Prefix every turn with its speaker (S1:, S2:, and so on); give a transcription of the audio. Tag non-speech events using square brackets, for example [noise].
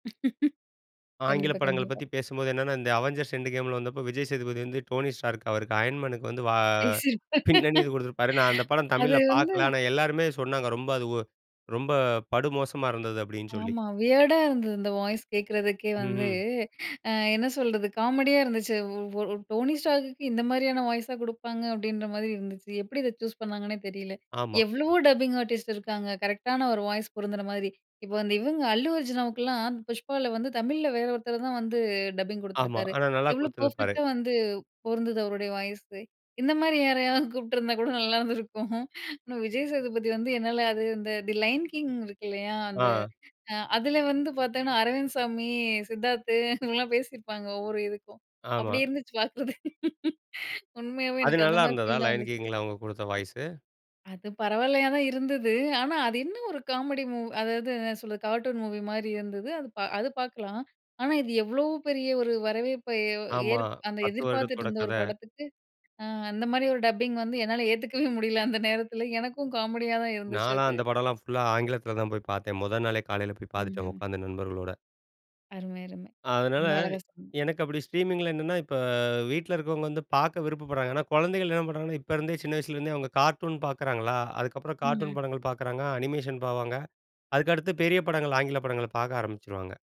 S1: [laughs]
S2: ஆங்கில
S1: கண்டிப்பா.
S2: படங்கள
S1: கண்டிப்பா.
S2: பத்தி பேசும்போது என்னென்னா, இந்த அவெஞ்சர்ஸ் எண்ட் கேம்லாம் வந்தப்போ விஜய் சேதுபதி வந்து, டோனி ஸ்டார்க் அவருக்கு அயர்ன் மேனுக்கு வந்து வா
S1: பேசிருப்பார்.
S2: பின்னணி குடுத்திருப்பாரு. நான் அந்த படம்
S1: அது
S2: தமிழ்ல
S1: வந்து
S2: பார்க்கல. ஆனா, எல்லாருமே சொன்னாங்க, ரொம்ப அது வொ ரொம்ப படுமோசமா இருந்தது அப்பிடீன்னு சொல்லி.
S1: ஆமா. வியர்டா இருந்தது. இந்த வாய்ஸ் கேக்குறதுக்கே வந்து,
S2: ம்ஹ்ம்.
S1: ஆ என்ன சொல்றது? காமெடியா இருந்துச்சு. ஒ ஒரு "டோனி ஸ்டார்க்க்கு இந்த மாதிரியான வாய்ஸா குடுப்பாங்க." அப்பிடின்ற மாதிரி இருநதுச்சு. எப்பிடி இதை சூஸ் பண்ணாங்கன்னே தெரியல.
S2: ஆமா.
S1: எவ்வளவோ டப்பிங் ஆர்டிஸ்ட் இருக்காங்க, கரெக்ட்டான ஒரு வாய்ஸ் பொருந்துற மாரி. இப்போ வந்து, இவுங்க அல்லு அர்ஜுனாவுக்கு எல்லாம் புஷ்பாவுல வந்து, தமிழ்ல வேற ஒருத்தர் தான் வந்து, டப்பிங்
S2: ஆமா.
S1: கொடுத்துருக்காரு.
S2: ஆனா, நல்லா
S1: எவ்வளோ
S2: கொடுத்திருப்பாரு.
S1: பெர்ஃபெக்ட்டா வந்து பொருந்துது, அவருடைய வாய்ஸு. இந்த மாதிரி யாரையாவது கூப்பிட்டுருந்தா கூட நல்லாயிருந்துருக்கும் ஆனா, விஜய்சேதுபதி வந்து என்னால அது இந்த தி லயன் கிங் இருக்கு இல்லையா, அந்த
S2: ஆ.
S1: அதில வந்து பார்த்தீங்கன்னா, அரவிந்த் சாமி, சித்தார்த்து இவங்கலாம் பேசியிருப்பாங்க. ஒவ்வொரு இதுக்கும் அப்படி
S2: ஆமா.
S1: இருந்துச்சு, பார்க்குறது. உண்மையாவே
S2: அது
S1: எனக்கு அந்த
S2: நல்லா
S1: மாரி
S2: இருந்ததா,
S1: ஃபீல் தான்
S2: லயன்
S1: வந்துச்சு.
S2: கிங்ல அவுங்க குடுத்த வாய்ஸு?
S1: அது பரவாயில்லையா தான் இருந்தது. ஆனா, அது என்ன ஒரு காமெடி மூவி அதாவது என்ன சொல்றது? கார்ட்டூன் மூவி மாரி இருந்தது. அது பா அது பார்க்கலாம். ஆனா, இது எவ்வளோ பெரிய ஒரு வரவேற்பை ஏ
S2: ஆமா.
S1: ஏற்ப் அந்த
S2: 10
S1: எதிர்பார்த்துட்டு
S2: வருடத்தோட
S1: இருந்த ஒரு
S2: கதை.
S1: படத்துக்கு, அ அந்த மாரி ஒரு டப்பிங் வந்து, என்னால ஏத்துக்கவே முடியல. அந்த நேரத்தில எனக்கும் காமெடியா தான் இருந்துச்சு
S2: நான்லாம்
S1: அது.
S2: அந்த படம்லாம் புல் ஆ ஆங்கிலத்துல தான் போய் பார்த்தேன். முத நாளே காலைல போய் பார்த்துட்டேன்,
S1: ம்ஹ்ம்.
S2: உட்கார்ந்து நண்பர்களோட.
S1: அருமை, அருமை.
S2: அதனால,
S1: ரொம்ப அழகா சொன்னீங்க.
S2: எனக்கு அப்பிடி ஸ்ட்ரீமிங்கில என்னன்னா, இப்ப வீட்ல இருக்கிறவங்க வந்து பார்க்க விருப்பப்படுறாங்க. ஏன்னா, குழந்தைகள் என்ன பண்ணுறாங்கன்னா, இப்போ இருந்தே, சின்ன வயசுலேருந்தே அவங்க கார்ட்டூன் பார்க்குறாங்களா. அதுக்கப்புறம் கார்ட்டூன்
S1: ம்ஹ்ம்.
S2: படங்கள் பார்க்குறாங்க. அனிமேஷன் போவாங்க. அதுக்கடுத்து பெரிய படங்கள், ஆங்கில படங்கள பார்க்க ஆரம்பிச்சுருவாங்க.